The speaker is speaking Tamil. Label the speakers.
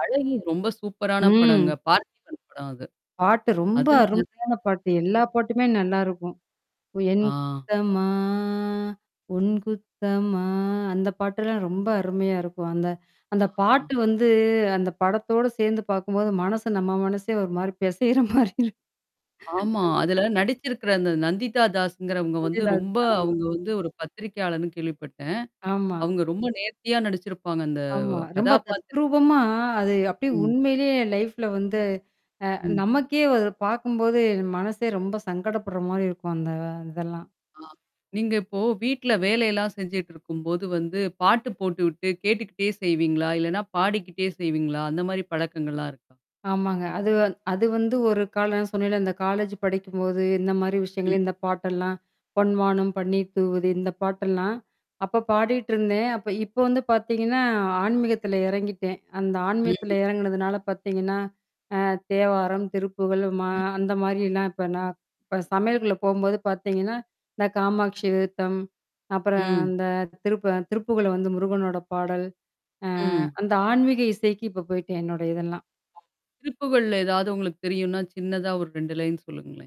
Speaker 1: "அழகி" ரொம்ப சூப்பரான படங்க.
Speaker 2: ம்.
Speaker 1: பார்த்திபன் படம் அது.
Speaker 2: பாட்டு ரொம்ப
Speaker 1: அதுல நெறைய.
Speaker 2: அருமையான பாட்டு. எல்லா பாட்டுமே நல்லாருக்கும். என்
Speaker 1: ஆ.
Speaker 2: குத்தமா உன் குத்தமா அந்த பாட்டெல்லாம் ரொம்ப அருமையா இருக்கும். அந்த அந்த
Speaker 1: ஆஹா.
Speaker 2: பாட்டு வந்து அந்த படத்தோட சேர்ந்து பாக்கும்போது மனசு நம்ம மனசே ஒரு மாரி பிசையிற மாரி இருக்கும்.
Speaker 1: ஆமா. அதுல நடிச்சிருக்கற அந்த நந்திதா தாஸ்ஸுங்கறவங்க வந்து
Speaker 2: அதுதான்,
Speaker 1: ரொம்ப
Speaker 2: அதுதான். ஆமா.
Speaker 1: அவங்க வந்து ஒரு பத்திரிகையாளர்ன்னு கேள்விப்பட்டேன்.
Speaker 2: ஆமா.
Speaker 1: அவங்க ரொம்ப நேர்த்தியா நடிச்சிருப்பாங்க. அந்த
Speaker 2: ஆமா. ரொம்ப
Speaker 1: கதாபாத்திரம்.
Speaker 2: தத்ரூபமா, அது அப்டியே
Speaker 1: ம்.
Speaker 2: உண்மையிலேயே லைஃப்ல வந்து அ
Speaker 1: ம்.
Speaker 2: நமக்கே அத பாக்கும்போது மனசே ரொம்ப சங்கடப்படுற மாரி இருக்கும் அந்த இதெல்லாம்.
Speaker 1: ஆ. நீங்க இப்போ, வீட்ல வேலையெல்லாம் செஞ்சுட்டுருக்கும்போது வந்து பாட்டு போட்டு விட்டு கேட்டுக்கிட்டே செய்வீங்களா? இல்லன்னா பாடிக்கிட்டே செய்வீங்களா? அந்த மாரி பழக்கங்கள்லாம் இருக்கா?
Speaker 2: ஆமாங்க. அது வ அது வந்து ஒரு காலம். நான் சொன்னேன்ல இந்த காலேஜ் படிக்கும்போது எந்த மாரி விஷயங்கள
Speaker 1: ம்.
Speaker 2: இந்த பாட்டெல்லாம். பொன்வானம் பன்னீர் தூவுது இந்த பாட்டெல்லாம், அப்ப பாடிட்டு இருந்தேன். அப்ப இப்ப வந்து பார்த்தீங்கன்னா ஆன்மீகத்தில இறங்கிட்டேன். அந்த ஆன்மீகத்தில
Speaker 1: ம்.
Speaker 2: இறங்குனதுனால பாத்தீங்கன்னா அ தேவாரம், திருப்புகழ், மா
Speaker 1: ம்.
Speaker 2: அந்த மாரிலாம் இப்ப நான் இப்ப சமையலுக்குள்ள போம்போது பாத்தீங்கன்னா. இந்த காமாக்ஷி விருத்தம். அப்புறம்
Speaker 1: ம்.
Speaker 2: அந்த திருப்பு திருப்புகழ்ல வந்து முருகனோட பாடல். அ
Speaker 1: ம்.
Speaker 2: அந்த ஆன்மீக இசைக்கு இப்ப போய்ட்டேன். என்னோட இதெல்லாம்.
Speaker 1: திருப்புகழ்ல ஏதாவது உங்களுக்கு தெரியுனா, சின்னதா ஒரு 2 லைன் சொல்லுங்களேன்.